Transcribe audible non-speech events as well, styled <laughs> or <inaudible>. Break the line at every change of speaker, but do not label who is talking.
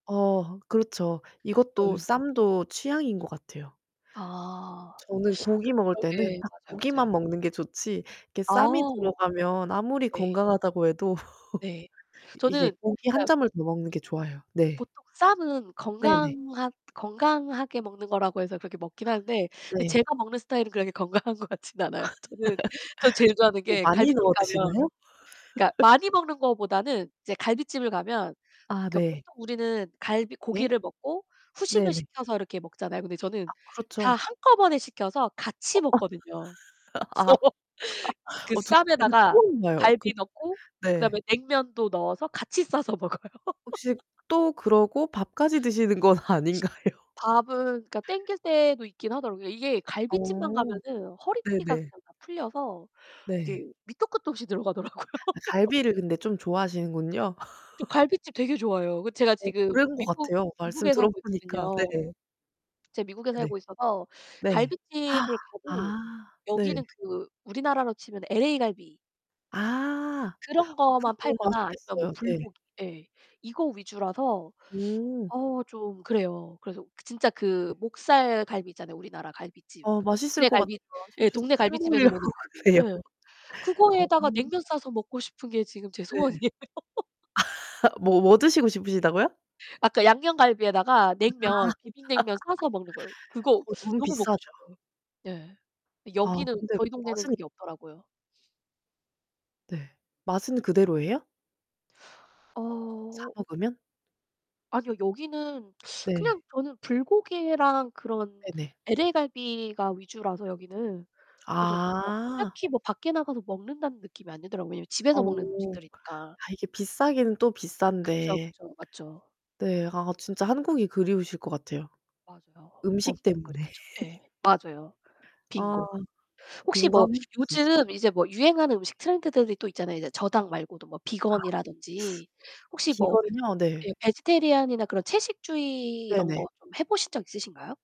어 그렇죠. 이것도
어유.
쌈도 취향인 것 같아요.
아.
저는 고기 먹을 때는
그러게.
딱
맞아요, 맞아요.
고기만 먹는 게 좋지, 이게 쌈이
아.
들어가면 아무리
네.
건강하다고 해도
네.
<laughs> 이게
저는
고기 1
그러니까
점을 더 먹는 게 좋아요. 네.
보통 쌈은
네네.
건강하 건강하게 먹는 거라고 해서 그렇게 먹긴 하는데 근데
네.
제가 먹는 스타일은 그렇게 건강한 것 같진 않아요. 저는 전 제일
<laughs>
좋아하는
뭐
게
많이
갈빗집
넣어
가면
드시나요?
그러니까
<laughs>
많이 먹는 거보다는 이제 갈빗집을 가면
아
그
네.
보통 우리는 갈비
네.
고기를 먹고 후식을
네네.
시켜서 이렇게 먹잖아요. 근데 저는
아
다
그렇죠.
한꺼번에 시켜서 같이
어어.
먹거든요.
<laughs> 아
<laughs>
<laughs>
그
어 저 그거
쌈에다가
처음 봐요. 그
갈비 넣고
네.
그다음에 냉면도 넣어서 같이 싸서 먹어요.
혹시
<laughs>
또 그러고 밥까지 드시는 건 아닌가요?
밥은 그니까 당길 때도 있긴 하더라고요. 이게 갈빗집만
어
가면은 허리띠가
네네.
그냥 다 풀려서
네.
이게 밑도 끝도 없이 들어가더라고요. <laughs>
갈비를 근데 좀 좋아하시는군요.
저
<laughs>
갈빗집 되게 좋아해요. 그 제가
어
지금
그런 것
미국
같아요. 말씀
미국에 살고
들어보니까
있거든요.
네.
제가 미국에
네.
살고 있어서
네.
갈빗집을
<gasps> 아.
가도
네.
여기는 그 우리나라로 치면 LA갈비
아.
그런
그렇게
거만
먹으면
팔거나 아니면 뭐
맛있겠어요. 네.
불고기 예 이거 위주라서
음.
어 좀 그래요. 그래서 진짜
네.
그 목살 갈비 있잖아요, 우리나라 갈빗집.
어 맛있을
동네
것 같아요.
갈비 예.
<unintelligible>
동네
침
갈빗집에서
고이려고
먹는
그래요.
갈비. 예.
어.
그거에다가 냉면 싸서 먹고 싶은 게 지금 제
네.
소원이에요. <laughs>
<laughs> 뭐 뭐 드시고 싶으시다고요?
아까 양념갈비에다가
아.
냉면, 비빔냉면 싸서 먹는 거예요.
<laughs>
그거
그거 너무
너무 먹고
비싸죠.
싶어요. 네.
아
여기는
근데
저희 동네는
맛은
그게 없더라고요.
네. 맛은 그대로예요? 사
어.
먹으면?
아니요. 여기는
네.
그냥 저는 불고기랑 그런
네네.
LA 갈비가 위주라서, 여기는. 그래서 뭐
아.
딱히 뭐 밖에 나가서 먹는다는 느낌이 안 들더라고요. 왜냐하면 집에서 먹는
어.
음식들이니까.
아 이게 비싸긴 또
그쵸.
비싼데.
그쵸. 맞죠.
네. 아 진짜 한국이 그리우실 것 같아요.
맞아요.
음식
엄청
때문에.
그렇죠. 네.
<laughs>
맞아요.
아
빙고. 혹시 뭐
공감해요, 진짜.
요즘 이제 뭐 유행하는 음식 트렌드들이 또 있잖아요. 이제 저당 말고도 뭐
아.
비건이라든지
<sucks teeth>
혹시 뭐
비건이요? 네.
예 vegetarian이나 그런 채식주의 이런
네네.
거 좀 해 보신 적 있으신가요?